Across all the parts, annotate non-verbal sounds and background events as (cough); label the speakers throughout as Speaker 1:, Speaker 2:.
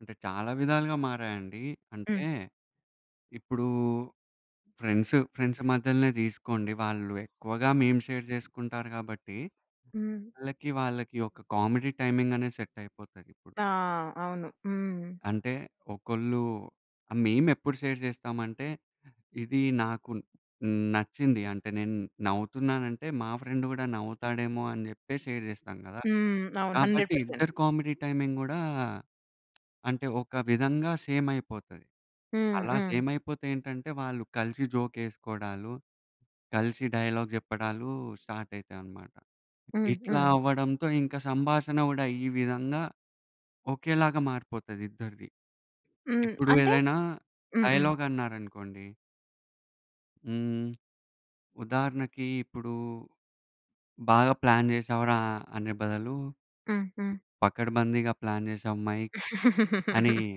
Speaker 1: అంటే చాలా విధాలుగా మారాయండి. అంటే
Speaker 2: హ్మ్.
Speaker 1: ఇప్పుడు ఫ్రెండ్సు ఫ్రెండ్స్ మధ్యలనే తీసుకోండి. వాళ్ళు ఎక్కువగా మేమ్ షేర్ చేసుకుంటారు కాబట్టి.
Speaker 2: హ్మ్.
Speaker 1: వాళ్ళకి వాళ్ళకి ఒక కామెడీ టైమింగ్ అనేది సెట్ అయిపోతది ఇప్పుడు.
Speaker 2: ఆ! అవును. హ్మ్.
Speaker 1: అంటే ఒకళ్ళు మేమెప్పుడు షేర్ చేస్తామంటే ఇది నాకు నచ్చింది అంటే నేను నవ్వుతున్నాను అంటే, మా ఫ్రెండ్ కూడా నవ్వుతాడేమో అని చెప్పేసి షేర్ చేస్తాం కదా!
Speaker 2: హ్మ్. అవును. హండ్రెడ్
Speaker 1: కాబట్టి
Speaker 2: పర్సెంట్.
Speaker 1: ఇద్దరి కామెడీ టైమింగ్ గూడా అంటే ఒక విధంగా సేమ్ అయిపోతది.
Speaker 2: హ్మ్.
Speaker 1: అలా
Speaker 2: హ్మ్.
Speaker 1: సేమ్ అయిపోతే ఏంటంటే, వాళ్ళు కలిసి జోక్ ఎసుకోడాలు, కలిసి డైలాగ్ చెప్పడాలు స్టార్ట్ అయితాయన్నమాట.
Speaker 2: హ్మ్.
Speaker 1: ఇట్లా
Speaker 2: హ్మ్.
Speaker 1: అవ్వడంతో ఇంక సంభాషణ కూడా ఈ విధంగా ఒకేలాగా మారిపోతది ఇద్దరిది.
Speaker 2: హ్మ్.
Speaker 1: ఇప్పుడు
Speaker 2: అంటే
Speaker 1: ఏదైనా
Speaker 2: హ్మ్. హ్మ్.
Speaker 1: డైలాగ్ అన్నారనుకోండి. హ్మ్. ఉదాహరణకి ఇప్పుడు బాగా ప్లాన్ చేశావురా అనె బదులు,
Speaker 2: హ్మ్. హ్మ్.
Speaker 1: పకడ్బందీగా ప్లాన్ చేసావ్ మైక్ అని.
Speaker 2: (giggles)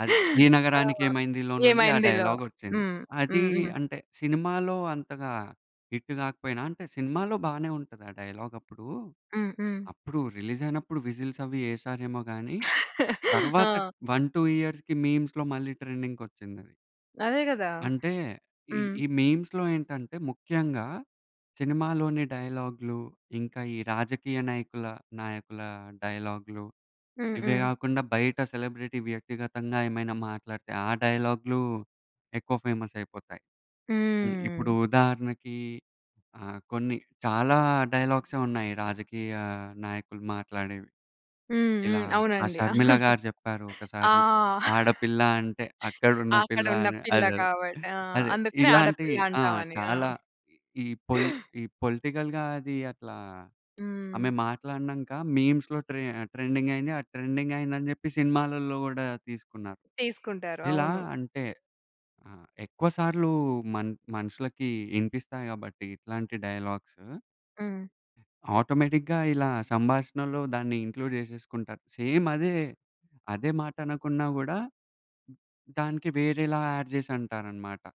Speaker 1: అది 'ఈ
Speaker 2: ఆ!
Speaker 1: నగరానికి ఏమైందిలో' నుండి ఆ
Speaker 2: ఏమైందిలో.
Speaker 1: డైలాగ్ ఒచ్చింది.
Speaker 2: హ్మ్.
Speaker 1: అది
Speaker 2: హ్మ్. హ్మ్.
Speaker 1: అంటే సినిమాలో అంతగా హిట్ కాకపోయినా అంటే సినిమాలో బానే ఉంటది ఆ డైలాగ్ అప్పుడు.
Speaker 2: హ్మ్. హ్మ్.
Speaker 1: అప్పుడు రిలీజ్ అయినప్పుడు విజిల్స్ అవి ఎశారేమో గాని,
Speaker 2: (chuckles)
Speaker 1: తరువాత
Speaker 2: ఆ!
Speaker 1: 1, 2 ఇయర్స్‌కి మీమ్స్‌లో మళ్ళీ ట్రెండింగ్‌కొచ్చిందది.
Speaker 2: అదే కదా!
Speaker 1: అంటే ఈ,
Speaker 2: హ్మ్.
Speaker 1: ఈ మీమ్స్‌లో ఏంటంటే ముఖ్యంగా, సినిమాలోని డైలాగ్‌లు, ఇంకా ఈ రాజకీయ నాయకుల నాయకుల డైలాగ్‌లు,
Speaker 2: హ్మ్.
Speaker 1: ఇవే
Speaker 2: హ్మ్.
Speaker 1: కాకుండా బయట సెలబ్రిటీ వ్యక్తిగతంగా ఏమైనా మాట్లాడితే ఆ డైలాగ్‌లు, ఎక్కువ ఫేమస్ అయిపోతాయి. ఇప్పుడు
Speaker 2: హ్మ్.
Speaker 1: ఉదాహరణకి ఆహ్, కొన్ని చాలా డైలాగ్స ఏ ఉన్నాయి. రాజకీయ నాయకులు మాట్లాడేవి.
Speaker 2: హ్మ్.
Speaker 1: ఇలా
Speaker 2: హ్మ్. అవునండి.
Speaker 1: షర్మిల గారు చెప్పారు
Speaker 2: (chuckles) ఆ!
Speaker 1: ఒకసారి
Speaker 2: (laughs)
Speaker 1: "ఆడపిల్ల అంటే అక్కడున్న పిల్ల'
Speaker 2: అక్కడున్న
Speaker 1: అని
Speaker 2: పిల్ల
Speaker 1: అదే
Speaker 2: కాబట్టి ఆ!
Speaker 1: అదే
Speaker 2: అందుకని
Speaker 1: ఇలాంటి
Speaker 2: ఆడపిల్ల అంటామనీ.
Speaker 1: చాలా ఈ పోలి పొలిటికల్‌గా అది అట్లా
Speaker 2: హ్మ్.
Speaker 1: ఆమె మాట్లాడినంక మీమ్స్‌లో ట్రే ట్రెండింగ్ అయింది ఆ ట్రెండింగ్ అయింది అని చెప్పి సినిమాలలో కూడా తీసుకున్నారు.
Speaker 2: తీసుకుంటారు.
Speaker 1: ఇలా
Speaker 2: అవును.
Speaker 1: అంటే ఆహ్, ఎక్కువ సార్లు మన్ మనుషులకి ఇనిపిస్తాయి కాబట్టి ఇట్లాంటి డైలాగ్సు
Speaker 2: హ్మ్.
Speaker 1: ఆటోమేటిక్‌గా ఇలా సంభాషణలో దాన్ని ఇంక్లూడ్ చేసేసుకుంటారు. సేమ్ అదే, అదే మాట అనకున్నా కూడా దానికి వేరేలా యాడ్ చేసి అంటారన్నమాట.